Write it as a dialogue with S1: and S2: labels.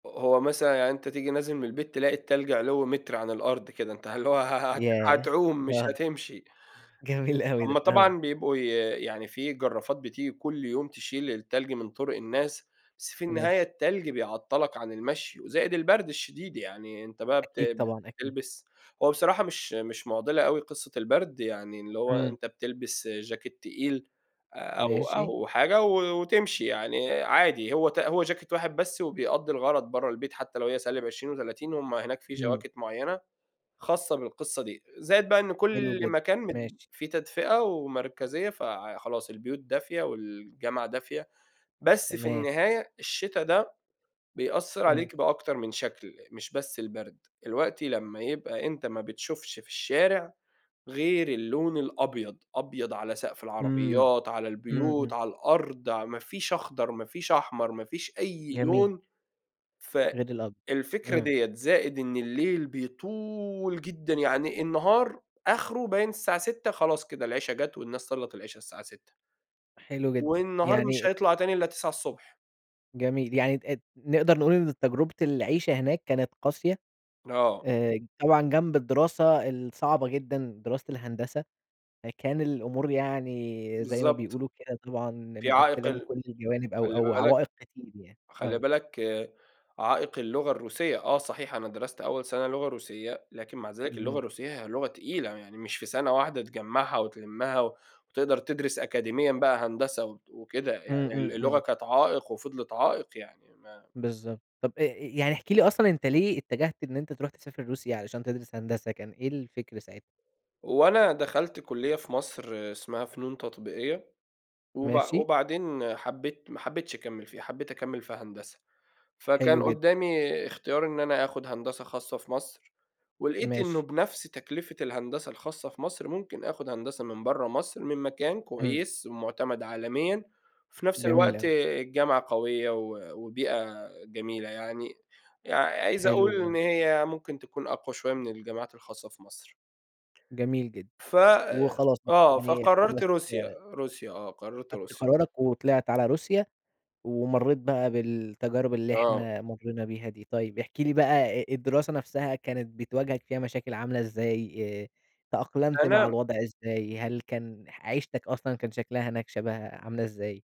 S1: ه هو مثلًا يعني أنت تيجي نازل من البيت تلاقي التّلج علوّ متر عن الأرض كده. أنت هل هو ه ه هت
S2: ياه!
S1: هتعوم مش
S2: آه.
S1: هتمشي.
S2: جميل أوي
S1: هُم
S2: ده. آه.
S1: طبعًا بيبقوا ي يعني في جرّافات بتيجي كل يوم تشيل التّلج من طرق الناس، بس في النهاية
S2: ماشي.
S1: التّلج بيعطّلك عن المشي وزائد البرد الشديد، يعني أنت بقى
S2: أكيد
S1: بت
S2: طبعًا، أكيد.
S1: بتلبس هو بصراحة مش مش مُعضِلة أوي قصة البرد يعني، اللي هو
S2: إمم.
S1: أنت بتلبس جاكيت تقيل أو
S2: ماشي.
S1: أو حاجة و وتمشي يعني عادي، هو ت هو جاكيت واحد بس وبيأدّي الغرض برّه البيت, حتى لو هي -20 و30 هُم هناك في
S2: إمم.
S1: جواكت مُعيّنة خاصة بالقصّة دي. زائد بقى إن
S2: حلو
S1: كل
S2: جدًا.
S1: مكان مد
S2: ماشي.
S1: في تدفئة ومركزية فع خلاص البيوت دافية والجامعة دافية، بس في
S2: تمام.
S1: النهاية الشتا ده بيأثّر
S2: إمم.
S1: عليك بأكتر من شكل، مش بس البرد. الوقتي لمّا يبقى أنت ما بتشوفش في الشارع غير اللون الأبيض، أبيض على سقف
S2: إمم.
S1: العربيات، على
S2: إمم،
S1: البيوت،
S2: إمم.
S1: على الأرض ع ما فيش أخضر، ما فيش أحمر، ما فيش أي
S2: جميل.
S1: لون،
S2: غير الأض
S1: فالفكرة
S2: إمم.
S1: ديّة، زائد إن الليل بيطول جدًا، يعني النهار آخره باين الساعة 18:00 خلاص كده العشا جات والناس صلّت العشا الساعة 18:00.
S2: حلو جدًا.
S1: والنهار
S2: يعني
S1: مش هيطلع تاني إلّا 9:00 ص.
S2: جميل. يعني تقد نقدر نقول إن تجربة العيشة هناك كانت قاسية.
S1: آه.
S2: آآ، طبعًا جنب الدراسة الصعبة جدًا، دراسة الهندسة فكان الأمور يعني زي ما
S1: بالضبط.
S2: بيقولوا كده طبعًا
S1: في عائق
S2: مقفِّلة من
S1: ال
S2: كل الجوانب أو
S1: خلّي
S2: أو
S1: بالك
S2: عوائق كتير يعني
S1: خلّي
S2: آه.
S1: بالك عائق اللغة الروسية، آه، صحيح أنا درست أول سنة لغة روسية، لكن مع ذلك اللغة
S2: اهم.
S1: الروسية هي لغة تقيلة، يعني مش في سنة واحدة تجمّعها وتلمّها و وتقدر تدرس أكاديميًا بقى هندسة د وكده
S2: إمم،
S1: يعني ال
S2: إمم،
S1: اللغة
S2: إمم.
S1: كانت عائق وفِضلِت عائق يعني ما
S2: بالضبط. طب آآ، يعني احكِ لي أصلًا أنت ليه اتّجهت إن أنت تروح تسافر روسيا علشان تدرس هندسة؟ كان إيه الفِكر ساعتها؟
S1: هو أنا دخلت كُلّية في مصر اسمها فنون تطبيقية وبع
S2: ماشي.
S1: وبعدين حبّيت ما حبيتش أكمّل فيها، حبّيت أكمّل في هندسة. فكان
S2: حلو جدً.
S1: قُدّامي اختيار إن أنا آخُد هندسة خاصة في مصر، ولقيت إنه
S2: ماشي.
S1: بنفس تكلفة الهندسة الخاصة في مصر ممكن آخد هندسة من برّه مصر، من مكان
S2: إمم.
S1: كويس، مُعتمد عالميًا، في نفس
S2: جميل
S1: الوقت
S2: أوي.
S1: الجامعة قويّة و وبيئة جميلة يعني. يع عايز
S2: حلو
S1: أقول
S2: ج
S1: إن هي ممكن تكون أقوى شوية من الجامعات الخاصة في مصر.
S2: جميل جدًا.
S1: فآآ،
S2: وخلاص ب
S1: آه،
S2: يعني
S1: فقررت
S2: خلاص
S1: روسيا. روسيا آه، قررت
S2: خدت
S1: روسيا.
S2: قرارك وطلعت على روسيا ومريّت بقى بالتجارب اللي
S1: آه.
S2: إحنا مرّينا بيها دي. طيب، احكِ لي بقى الدراسة نفسها كانت بتواجهك فيها مشاكل عاملة إزاي؟ آآ، تأقلمت مع
S1: أنا
S2: الوضع إزاي؟ هل كان ح عيشتك أصلًا كان شكلها هناك شبه عاملة إزاي؟